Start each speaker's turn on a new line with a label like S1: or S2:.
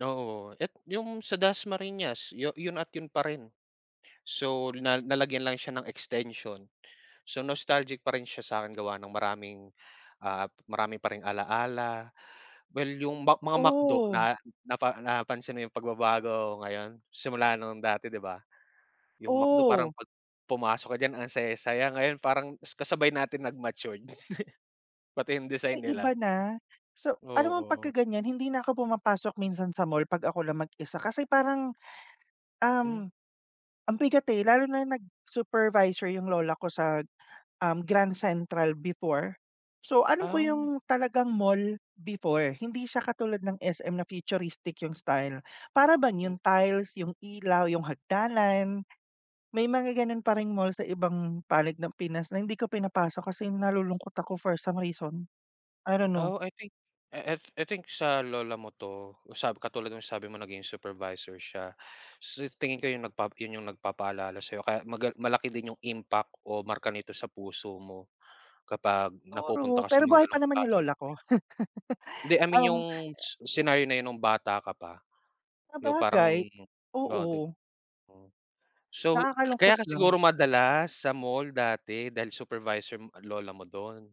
S1: Oo. Et 'yong sa Das Marinas, 'yon at 'yon pa rin. So, na nalagyan lang siya ng extension. So, nostalgic pa rin siya sa'kin gawa ng maraming, ah, marami pa ring alala. Well, 'yong Mc mga McDo
S2: Oh.
S1: na napa napansin mo 'yong pagbabago ngayon simula nung dati, 'di ba? 'Yong McDo parang
S2: Oh.
S1: 'pag pumasok ka diyan ang saya-saya, ngayon parang kasabay natin nag matured, pati yung
S2: Kasi
S1: design
S2: iba
S1: nila.
S2: na. So, alam mo
S1: Oo.
S2: pagka ganyan hindi na ako pumapasok minsan sa mall 'pag ako lang mag-isa kasi parang,
S1: Hmm.
S2: um, ang bigat, eh. Lalo na nag supervisor yung lola ko sa, um, Grand Central before. So, alam ko
S1: Ah.
S2: yung talagang mall before, hindi siya katulad ng SM na futuristic yung style. Para bang
S1: Hmm.
S2: yung tiles, yung ilaw, yung hagdanan. May mga gano'n pa ring mall sa ibang panig ng Pinas na hindi ko pinapasok kasi nalulungkot ako for some reason. I don't know.
S1: Oh, I think, I I I think sa lola mo 'to. Sa katulad nung sabi mo naging supervisor siya. Sa tingin ko yun yun yung nagpapaalala sa'yo kaya maga malaki din yung impact o marka nito sa puso mo kapag napupunta
S2: Siguro,
S1: ka sa
S2: pero
S1: mga
S2: buhay pa
S1: gano' ng
S2: naman yung
S1: klaseng
S2: lola ko.
S1: [unintelligible] Hindi, I mean
S2: Um.
S1: 'yong s scenario na yun nung bata ka pa, 'yong parang
S2: Sabagay.
S1: oo, 'dib
S2: Oo.
S1: Mm. So, kaya
S2: Nakakalungkot
S1: ka siguro
S2: lang.
S1: madalas sa mall dati dahil supervisor m lola mo do'n.